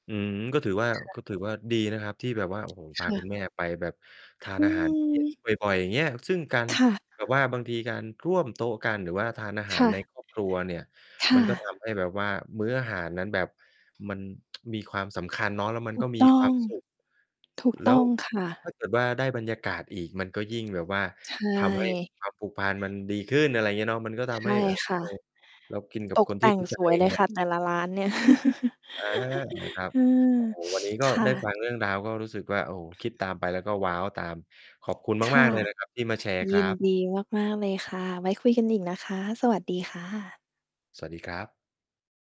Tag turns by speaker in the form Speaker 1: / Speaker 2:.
Speaker 1: อืม ก็ถือว่า
Speaker 2: ค่ะ
Speaker 1: ก็ถือว่าดีนะครับที่แบบว่า โอ้โฮ พ
Speaker 2: ค
Speaker 1: า
Speaker 2: ่
Speaker 1: ค
Speaker 2: ะ
Speaker 1: ุณแม่ไปแบบทา
Speaker 2: อ
Speaker 1: น
Speaker 2: ื
Speaker 1: อาหาร เย็น
Speaker 2: ม
Speaker 1: บ่อย ๆ อย่างเงี้ย ซึ่งการ
Speaker 2: ค่ะ
Speaker 1: แบบว่าบางทีการร่วมโต๊ะกัน หรือว่าทานอาห
Speaker 2: ค
Speaker 1: าร
Speaker 2: ่
Speaker 1: ใน
Speaker 2: ะ
Speaker 1: ครอบครัว เนี่ย
Speaker 2: ค่
Speaker 1: มันก็ ท
Speaker 2: ะ
Speaker 1: ำ ให้แบบว่ามื้ออาหารนั้นแบบมัน มีความสำคัญเนาะ แล้วมั
Speaker 2: ถ
Speaker 1: น
Speaker 2: ู
Speaker 1: ก็
Speaker 2: ก
Speaker 1: มี
Speaker 2: ต้
Speaker 1: ค
Speaker 2: อ
Speaker 1: วา
Speaker 2: ง
Speaker 1: มสุข
Speaker 2: ถูก
Speaker 1: แล้
Speaker 2: ต้
Speaker 1: ว
Speaker 2: องค่
Speaker 1: ถ้
Speaker 2: ะ
Speaker 1: าเกิด ว่าได้บรรยากาศอีก มันก็ยิ่งแบบว่า
Speaker 2: ใช
Speaker 1: ทำให้
Speaker 2: ่
Speaker 1: ความ ผูกพันธ์มันดีขึ้น อะไรอย่างเงี้ยเนาะ มันก็ท
Speaker 2: ใช
Speaker 1: ำให
Speaker 2: ่
Speaker 1: ้ อ
Speaker 2: ค
Speaker 1: ใค
Speaker 2: ่
Speaker 1: ร
Speaker 2: ะ
Speaker 1: เรากินกั
Speaker 2: ต
Speaker 1: บ
Speaker 2: ก
Speaker 1: คน
Speaker 2: แ
Speaker 1: ท
Speaker 2: ต
Speaker 1: ี
Speaker 2: ่
Speaker 1: ่
Speaker 2: ง
Speaker 1: รู้ใจ
Speaker 2: สวย
Speaker 1: อย่
Speaker 2: เ
Speaker 1: า
Speaker 2: ล
Speaker 1: งเ
Speaker 2: ย
Speaker 1: งี้
Speaker 2: ค
Speaker 1: ย
Speaker 2: ่ะ แต่ละร้านเนี่ย
Speaker 1: อา ครับ
Speaker 2: อืม
Speaker 1: โอ้โฮ วันนี้ ก็
Speaker 2: ค่
Speaker 1: ได
Speaker 2: ะ
Speaker 1: ้ฟังเรื่องราว ก็รู้สึกว่า โอ้ คิดตามไป แล้วก็ว้าวตาม ขอบคุณ
Speaker 2: ค
Speaker 1: ม
Speaker 2: ่
Speaker 1: าก
Speaker 2: ะ
Speaker 1: ๆ เลย นะครับ ที่มาแชร์
Speaker 2: ย
Speaker 1: ค
Speaker 2: ิ
Speaker 1: รั
Speaker 2: น
Speaker 1: บ
Speaker 2: ดีมาก ๆ เลยค่ะ ไว้คุยกัน อีกนะคะ สวัสดีค่ะ
Speaker 1: สวัสดีครับ